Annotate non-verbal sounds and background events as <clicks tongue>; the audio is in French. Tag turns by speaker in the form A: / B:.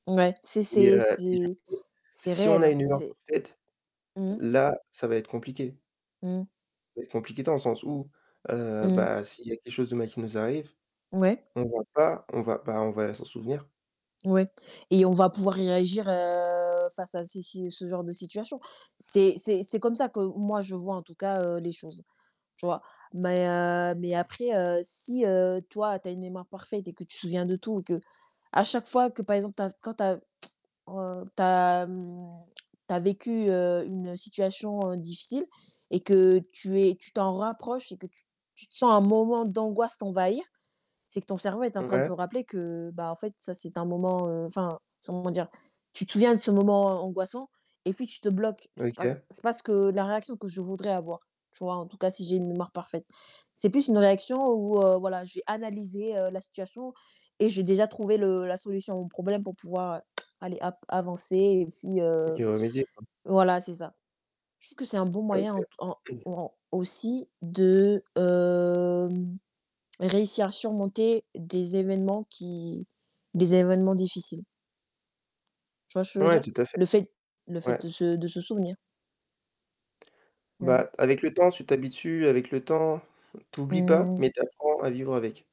A: Ouais, c'est
B: Et
A: c'est
B: heu,
A: c'est
B: <unintelligible>
A: c'est
B: si on
A: réel,
B: a
A: hein,
B: une <unintelligible>
A: c'est
B: parfaite.
A: Mmh.
B: Là, ça va être compliqué.
A: Mmh.
B: Ça va être compliqué dans le sens où, heu,
A: Mmh.
B: bah s'il y a quelque chose de mal qui nous arrive,
A: Ouais.
B: on va pas on va ben, on va s'en souvenir.
A: Ouais et on va pouvoir réagir, heu, face à si si ce genre de situation. C'est c'est c'est comme ça que moi, je vois, en tout cas, heu, les choses. Tu vois? Mais heu, mais après, heu, si, heu, toi, tu as une mémoire parfaite et que tu te souviens de tout et qu'à chaque fois que, par exemple, tu as quand tu as, heu, tu as, mmh, <clicks tongue> tu as vécu, heu, une situation, heu, difficile et que tu es tu t'en rapproches et que tu tu te sens un moment d'angoisse t'envahir. C'est que ton cerveau est en train de
B: Ouais.
A: te rappeler que bah, en fait, ça, c'est un moment, heu enfin, comment dire? Tu te souviens de ce moment angoissant et puis tu te bloques. C'est pas c
B: OK.
A: c'est pas ce que la réaction que je voudrais avoir, tu vois? En tout cas, si j'ai une mémoire parfaite. C'est plus une réaction où, heu, voilà, j'ai analysé, heu, la situation et j'ai déjà trouvé le la solution à mon problème pour pouvoir, heu, <clicks tongue> allez hop, avancer et puis, heu
B: OK, y remédier, quoi.
A: voilà, c'est ça. Je trouve que c'est un bon moyen ent en
B: OK. <clears throat>
A: au en aussi de, hem, réussir à surmonter des événements qui des événements difficiles. Tu vois ce que je veux
B: Ouais,
A: dire?
B: tout à fait.
A: Le fait le
B: Ouais.
A: fait de se de se souvenir. Mmh.
B: Bah, avec le temps, tu t'habitues. Avec le temps, tu oublies pas,
A: Mmh.
B: mais tu apprends, à vivre avec.